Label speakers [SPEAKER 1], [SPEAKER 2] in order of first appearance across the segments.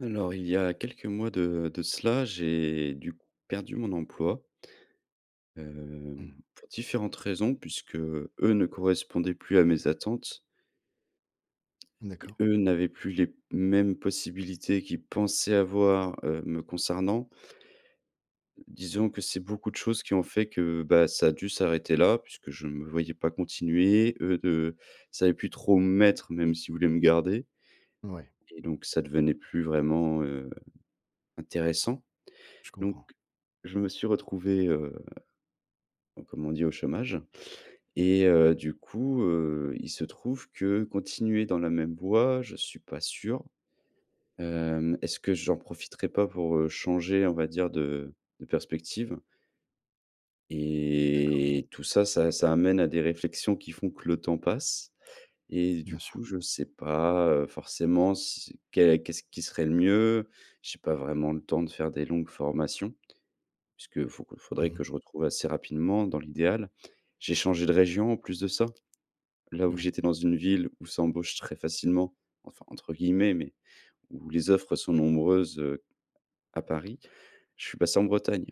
[SPEAKER 1] Alors il y a quelques mois de de cela, j'ai du coup perdu mon emploi hem,
[SPEAKER 2] Mmh.
[SPEAKER 1] pour différentes raisons, puisque eux ne correspondaient plus à mes attentes et
[SPEAKER 2] D'accord.
[SPEAKER 1] eux n'avaient plus les mêmes possibilités qu'ils pensaient avoir, heu, me concernant disons que c'est beaucoup de choses qui ont fait que, ben ça a dû s'arrêter là, puisque je ne me voyais pas continuer. Eux ne ils savaient plus trop où me mettre même, s'ils voulaient me garder
[SPEAKER 2] Ouais.
[SPEAKER 1] et donc ça devenait plus vraiment, heu, intéressant.
[SPEAKER 2] Je
[SPEAKER 1] Donc
[SPEAKER 2] comprends.
[SPEAKER 1] je me suis retrouvé, heu, comme on dit au chômage et heu, du coup, heu, il se trouve que continuer dans la même voie, je suis pas sûr.
[SPEAKER 2] Mmh.
[SPEAKER 1] Hem, est-ce que j'en profiterais pas pour, heu, changer, on va dire de de perspective?
[SPEAKER 2] D'accord.
[SPEAKER 1] Et tout ça, ça ça amène à des réflexions qui font que le temps passe et
[SPEAKER 2] Bien
[SPEAKER 1] du
[SPEAKER 2] sûr.
[SPEAKER 1] coup, je sais pas, heu, forcément si c'est qu'est qu'est-ce qui serait le mieux. J'ai pas vraiment le temps de faire des longues formations, puisqu'il faut il
[SPEAKER 2] Mmh
[SPEAKER 1] faudrait
[SPEAKER 2] mh.
[SPEAKER 1] que je retrouve assez rapidement dans l'idéal. J'ai changé de région en plus de ça. Là où
[SPEAKER 2] Oui.
[SPEAKER 1] j'étais dans une ville où ça embauche «très facilement», enfin entre guillemets, mais où les offres sont nombreuses, heu, à Paris, je suis passé en Bretagne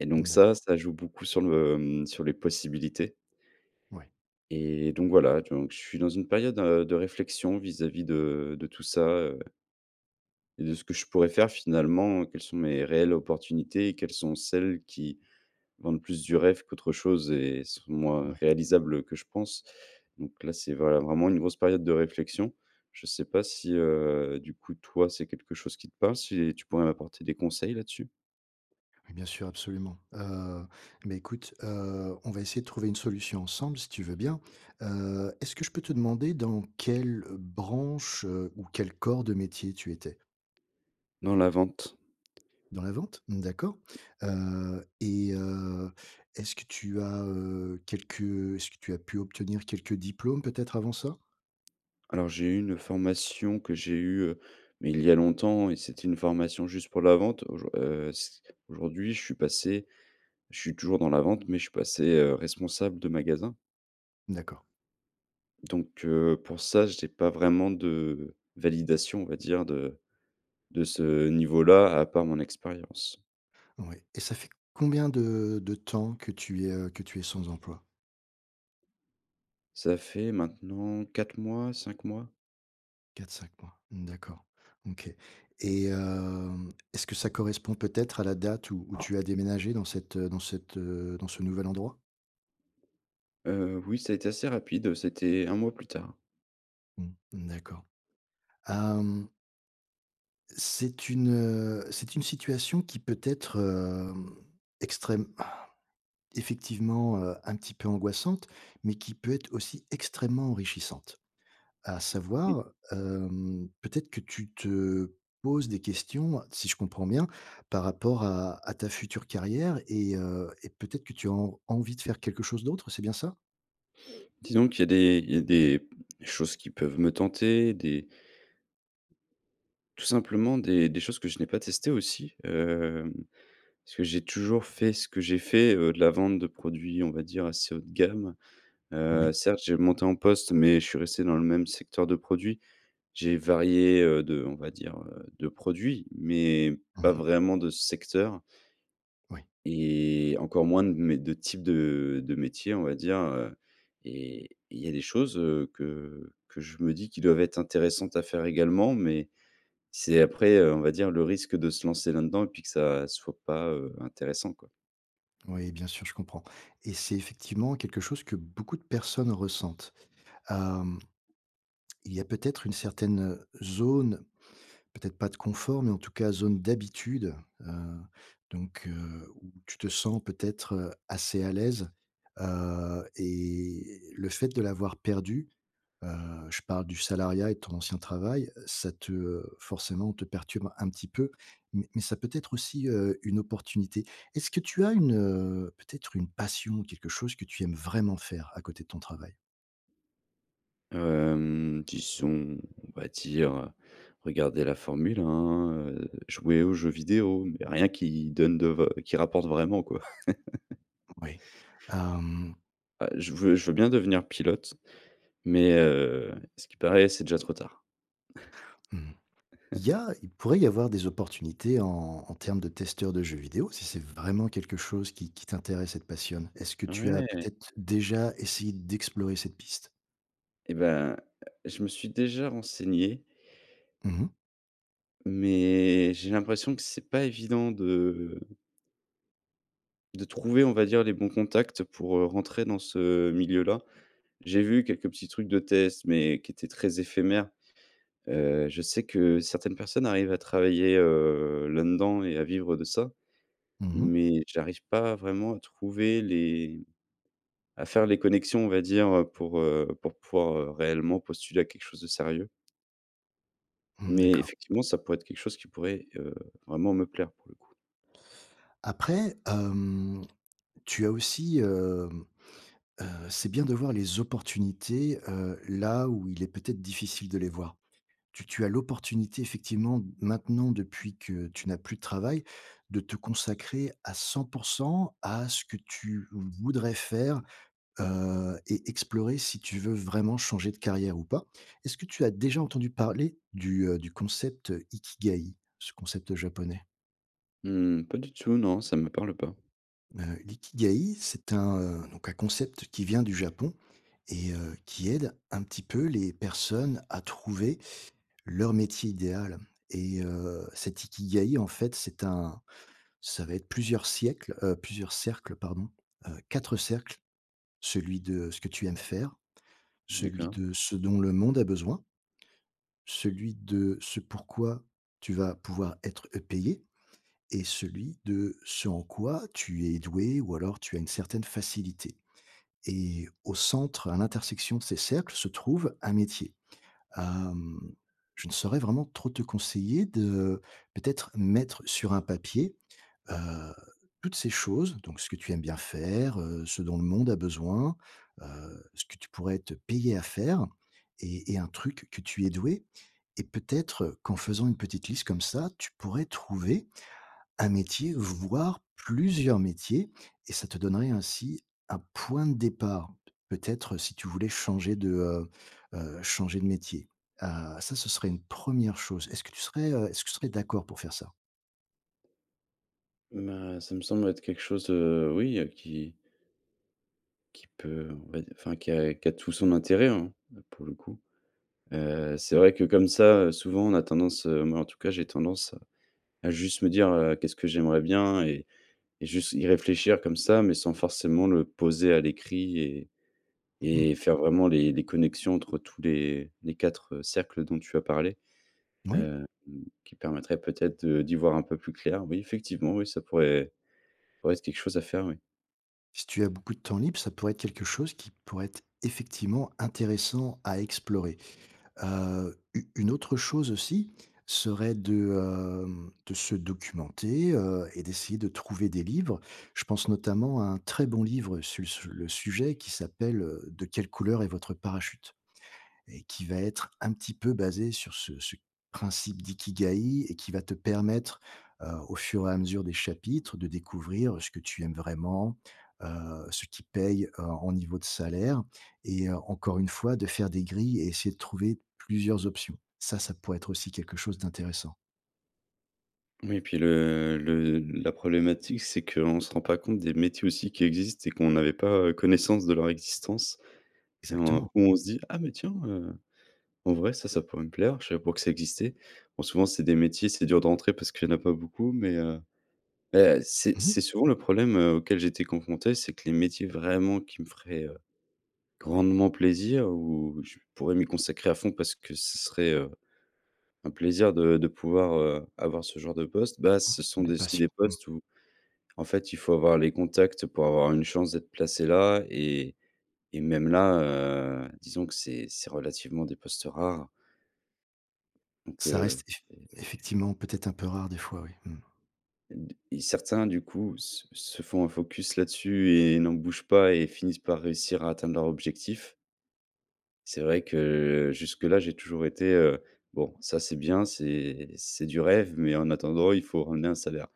[SPEAKER 1] et donc
[SPEAKER 2] Mmh.
[SPEAKER 1] ça,
[SPEAKER 2] D'accord.
[SPEAKER 1] ça joue beaucoup sur le mmh, sur les possibilités
[SPEAKER 2] Oui.
[SPEAKER 1] et donc voilà, donc je suis dans une période, heu, de réflexion vis-à-vis de de tout ça, heu et de ce que je pourrais faire finalement, quelles sont mes réelles opportunités et quelles sont celles qui, vendent plus du rêve qu'autre chose et sont moins
[SPEAKER 2] Oui.
[SPEAKER 1] réalisables, heu, que je pense. Donc là c'est vrai vraiment une grosse période de réflexion. Je sais pas si, heu, du coup toi c'est quelque chose qui te parle, si tu pourrais m'apporter des conseils là-dessus?
[SPEAKER 2] Bien sûr, absolument. Heu, mais écoute, heu, on va essayer de trouver une solution ensemble si tu veux bien. Heu, est-ce que je peux te demander dans quelle, heu, branche, heu, ou quel corps de métier tu étais?
[SPEAKER 1] Dans la vente.
[SPEAKER 2] Dans la vente? Mmh, d'accord. Heu, et heu, est-ce que tu as, heu, quelques, heu, est-ce que tu as pu obtenir quelques diplômes peut-être avant ça?
[SPEAKER 1] Alors j'ai eu une formation que j'ai eue, heu, mais il y a longtemps et c'était une formation juste pour la vente. Aujour heu, s aujourd'hui je suis passé je suis toujours dans la vente mais je suis passé, heu, responsable de magasin.
[SPEAKER 2] D'accord.
[SPEAKER 1] Donc heu, pour ça j'ai pas vraiment de validation on va dire de de ce niveau là à part mon expérience.
[SPEAKER 2] Ouais et ça fait combien de de temps que tu es, heu, que tu es sans emploi?
[SPEAKER 1] Ça fait maintenant 4 mois, 5 mois?
[SPEAKER 2] 4-5 mois. Mmh d'accord, OK, et hem, est-ce que ça correspond peut être à la date où où tu as déménagé dans cette, heu, dans cette, heu, dans ce nouvel endroit?
[SPEAKER 1] Heu, oui, ça a été assez rapide, heu, c'était 1 mois plus tard.
[SPEAKER 2] Mmh. Mmh d'accord. Hem. C'est une c'est une situation qui peut être, hem, extrême, effectivement, heu, un petit peu angoissante, mais qui peut être aussi extrêmement enrichissante. À
[SPEAKER 1] Mmh.
[SPEAKER 2] savoir, hem, peut être que tu te poses des questions, si je comprends bien par rapport à à ta future carrière et heu, et peut être que tu as en envie de faire quelque chose d'autre. C'est bien ça?
[SPEAKER 1] Disons qu'il y a des il y a des choses qui peuvent me tenter, des tout simplement des des choses que je n'ai pas testées aussi, hem, parce que j'ai toujours fait ce que j'ai fait, heu, de la vente de produits, on va dire assez haut de gamme, heu,
[SPEAKER 2] Oui.
[SPEAKER 1] certes, j'ai augmenté en poste, mais je suis resté dans le même secteur de produits. J'ai varié, heu, de, heu, on va dire, heu, de produits, mais
[SPEAKER 2] Mmh
[SPEAKER 1] pas
[SPEAKER 2] mh.
[SPEAKER 1] vraiment de secteur
[SPEAKER 2] Oui.
[SPEAKER 1] et encore moins de mé de type de de métier, on va dire, heu, et et il y a des choses, heu, que que je me dis qui doivent être intéressantes à faire également, mais c'est après, heu, on va dire le risque de se lancer là-dedans et puis que ça soit pas, heu, intéressant, quoi.
[SPEAKER 2] Oui, bien sûr, je comprends et c'est effectivement quelque chose que beaucoup de personnes ressentent. Hem il y a peut-être une certaine, heu, zone, peut-être pas de confort, mais en tout cas zone d'habitude. Heu, donc heu, où tu te sens peut-être, heu, assez à l'aise. Heu, et le fait de l'avoir perdu, heu, je parle du salariat et de ton ancien travail, heu, ça te, heu, forcément te perturbe un petit peu m mais ça peut être aussi, heu, une opportunité. Est-ce que tu as une, heu, peut-être une passion, quelque chose que tu aimes vraiment faire à côté de ton travail?
[SPEAKER 1] Hem, disons on va dire, heu, regarder la Formule 1, heu, jouer aux jeux vidéo, mais rien qui donne de va qui rapporte vraiment quoi.
[SPEAKER 2] Moui, hem
[SPEAKER 1] Bah, je veux je veux bien devenir pilote, mais heu, à ce qu'il paraît, c'est déjà trop tard.
[SPEAKER 2] Mmh. Il y a il pourrait y avoir des opportunités en en termes de testeurs de jeux vidéo si c'est vraiment quelque chose qui qui t'intéresse et te passionne. Est-ce que tu as
[SPEAKER 1] Ouais!
[SPEAKER 2] peut-être déjà essayé d'explorer cette piste?
[SPEAKER 1] Et ben, je me suis déjà renseigné
[SPEAKER 2] Mmh mh.
[SPEAKER 1] mais j'ai l'impression que c'est pas évident de de trouver, on va dire les bons contacts pour, heu, rentrer dans ce milieu-là. J'ai vu quelques petits trucs de test, mais qui étaient très éphémères. Heu, je sais que certaines personnes arrivent à travailler, heu, là-dedans et à vivre de ça,
[SPEAKER 2] Mmh mh.
[SPEAKER 1] mais j'arrive pas vraiment à trouver les à faire les connexions on va dire, heu, pour, heu, pour pouvoir, heu, réellement postuler à quelque chose de sérieux.
[SPEAKER 2] Mmh
[SPEAKER 1] Mais
[SPEAKER 2] d'accord.
[SPEAKER 1] effectivement ça pourrait être quelque chose qui pourrait, heu, vraiment me plaire pour le coup.
[SPEAKER 2] Après, hem, tu as aussi, hem, heu, c'est bien de voir les opportunités, heu, là où il est peut-être difficile de les voir. Tu tu as l'opportunité effectivement, maintenant depuis que tu n'as plus de travail, de te consacrer à 100 % à ce que tu voudrais faire, heu, et explorer, si tu veux vraiment changer de carrière ou pas. Est-ce que tu as déjà entendu parler du, heu, du concept «Ikigai»? Ce concept japonais.
[SPEAKER 1] Mmh pas du tout, non, ça me parle pas.
[SPEAKER 2] Heu, «l'Ikigai» c'est un, heu, donc un concept qui vient du Japon, et heu, qui aide un petit peu les personnes à trouver leur métier idéal, et heu, cet «Ikagai» en fait c'est un ça va être plusieurs siècles, heu, plusieurs cercles pardon. Heu, 4 cercles. Celui de ce que tu aimes faire. Celui
[SPEAKER 1] D'accord.
[SPEAKER 2] de ce dont le monde à besoin celui de ce pourquoi, tu vas pouvoir être, heu, payé, et celui de ce en quoi tu es doué, ou alors tu as une certaine facilité, et au centre, à l'intersection de ces cercles se trouve un métier. Hem, je ne saurais vraiment trop te conseiller de, peut-être mettre sur un papier, heu, toutes ces choses, donc ce que tu aimes bien faire, heu, ce dont le monde a besoin, heu, ce que tu pourrais être payé à faire, et et un truc que tu es doué, et peut-être, qu'en faisant une petite liste comme ça, tu pourrais trouver, un métier, voire plusieurs métiers, et ça te donnerait ainsi un point de départ. P peut être si tu voulais changer de, heu heu, changer de métier. Heu, ça ce serait une 1re chose. Est-ce que tu serais, heu, est-ce que tu serais d'accord pour faire ça?
[SPEAKER 1] Bah, ça me semble être quelque chose, heu, oui, heu, qui qui peut, on va d enfin qui a qui a tout son intérêt, hein, heu, pour le coup. Heu, c'est vrai que comme ça, heu, souvent on a tendance, heu, moi en tout cas j'ai tendance, à juste me dire: «Heu, qu'est-ce que j'aimerais bien?» et et juste y réfléchir comme ça, mais sans forcément le poser à l'écrit et
[SPEAKER 2] Mmh mh.
[SPEAKER 1] et faire vraiment les les connexions entre tous les les 4 cercles dont tu as parlé,
[SPEAKER 2] Moui.
[SPEAKER 1] heu, mmh, qui permettraient peut-être de d'y voir un peu plus clair. Oui, effectivement, oui ça pourrait ouais c'est quelque chose à faire oui.
[SPEAKER 2] Si tu as beaucoup de temps libre, ça pourrait être quelque chose qui pourrait être effectivement intéressant, à explorer. Heu, u une autre chose aussi, serait de, hem, de se documenter, heu, et d'essayer de trouver des livres. Je pense notamment à un très bon livre su sur le sujet qui s'appelle, heu: «De quelle couleur est votre parachute?» et qui va être, un petit peu basé sur ce ce principe «d'Ikigai», et qui va te permettre, heu, au fur et à mesure des chapitres, de découvrir ce que tu aimes vraiment, heu, ce qui paye, heu, en niveau de salaire, et encore une fois de faire des grilles et essayer de trouver plusieurs options. Ça, ça pourrait être aussi quelque chose d'intéressant.
[SPEAKER 1] Oui puis le le la problématique c'est qu'on se rend pas compte des métiers, aussi, qui existent et qu'on n'avait pas, heu, connaissance de leur existence. Et en
[SPEAKER 2] Exactement.
[SPEAKER 1] où on se dit: «Ah mais tiens, heu, en vrai ça, ça pourrait me plaire, je savais pas que ça existait». Bon souvent c'est des métiers, c'est dur de rentrer parce qu'il y en a pas beaucoup mais, heu. Beh, c'est
[SPEAKER 2] Mmh
[SPEAKER 1] c'est
[SPEAKER 2] mh.
[SPEAKER 1] souvent le problème, heu, auquel j'étais confronté c'est que les métiers vraiment qui me feraient, heu, grandement plaisir, où je pourrais m'y consacrer à fond parce que ce serait, heu, un plaisir de de pouvoir, heu, avoir ce genre de poste, bah,
[SPEAKER 2] Mmh,
[SPEAKER 1] ce sont
[SPEAKER 2] de
[SPEAKER 1] des si des
[SPEAKER 2] passion, mmh.
[SPEAKER 1] postes où, en fait, il faut avoir les contacts pour avoir une chance d'être placé là et et même là, heu, disons que c'est c'est relativement des postes rares. Donc,
[SPEAKER 2] Ça reste
[SPEAKER 1] heu
[SPEAKER 2] effec
[SPEAKER 1] et et
[SPEAKER 2] effectivement peut-être un peu rare des fois, oui, mmh.
[SPEAKER 1] D et certains, du coup, s se font un focus là-dessus et n'en bougent pas et finissent par réussir à atteindre leur objectif. C'est vrai que jusque-là, j'ai toujours été, heu: «Bon ça, c'est bien, c'est c'est du rêve, mais en attendant, il faut, ramener un salaire».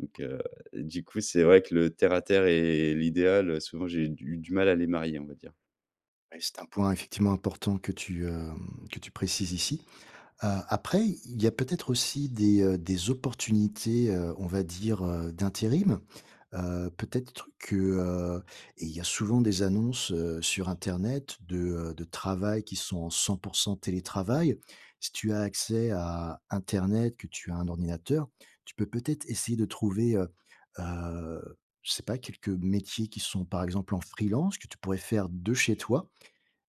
[SPEAKER 1] Donc, heu, du coup, c'est vrai que le terre à terre et et l'idéal, heu, souvent, j'ai du du mal à les marier, on va dire.
[SPEAKER 2] Ouais, c'est un point effectivement important que tu, hem, que tu précises ici. Heu, après, i il y a peut-être aussi des, heu, des opportunités, heu, on va dire, heu, d'intérim. Heu, peut-être que, heu et il y a souvent des annonces, heu, sur internet de, heu, de travail qui sont en 100 % télétravail. Si tu as accès à internet, que tu as un ordinateur, tu peux peut-être essayer de trouver, heu, heu, je sais pas: quelques métiers qui sont par exemple en freelance que tu pourrais faire de chez toi.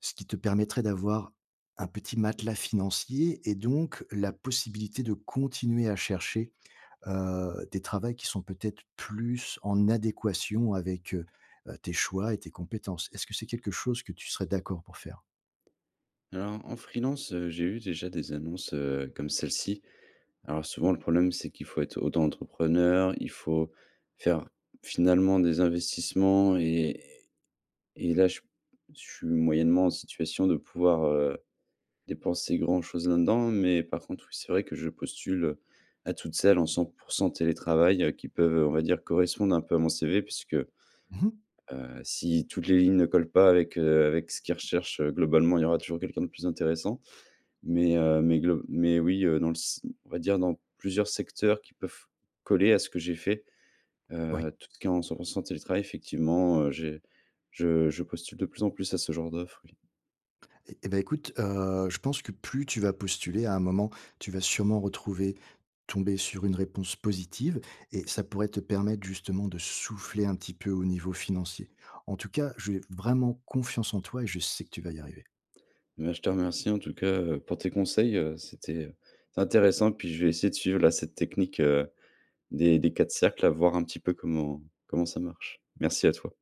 [SPEAKER 2] Ce qui te permettrait d'avoir un petit matelas financier et donc la possibilité de continuer à chercher, heu, des travails qui sont peut-être plus en adéquation avec, heu, heu, tes choix et tes compétences. Est-ce que c'est quelque chose que tu serais d'accord pour faire?
[SPEAKER 1] Alors en freelance, heu, j'ai eu déjà des annonces, heu, comme celle-ci. Alors souvent le problème c'est qu'il faut être auto entrepreneur, il faut faire finalement des investissements et et et là je suis p je suis moyennement en situation de pouvoir, heu, dépenser grand chose là-dedans. Mais par contre oui, c'est vrai que je postule, heu, à toutes celles en 100 % télétravail, heu, qui peuvent, heu, on va dire correspondre un peu à mon CV. Puisque, heu,
[SPEAKER 2] Mmh mh.
[SPEAKER 1] si toutes les lignes ne collent pas avec, heu, avec ce qu'ils recherchent, heu, globalement il y aura toujours quelqu'un de plus intéressant. Mais heu, mais glo mais oui, heu, dans le si m on va dire dans plusieurs secteurs qui peuvent coller à ce que j'ai fait,
[SPEAKER 2] Oui.
[SPEAKER 1] heu, tout ce qui est en 100 % télétravail effectivement, heu, j'ai je je postule de plus en plus à ce genre d'offre, oui.
[SPEAKER 2] Eh eh bah, écoute, heu, je pense que plus tu vas postuler, à un moment, tu vas sûrement retrouver tomber sur une réponse positive et ça pourrait te permettre justement de souffler un petit peu au niveau financier. En tout cas, j'ai vraiment confiance en toi et je sais que tu vas y arriver.
[SPEAKER 1] Ben, je te remercie en tout cas, heu, pour tes conseils, heu, c'était c'est intéressant, puis je vais essayer de suivre, là, cette technique, heu, des des 4 cercles à voir un petit peu comment comment ça marche. Merci à toi.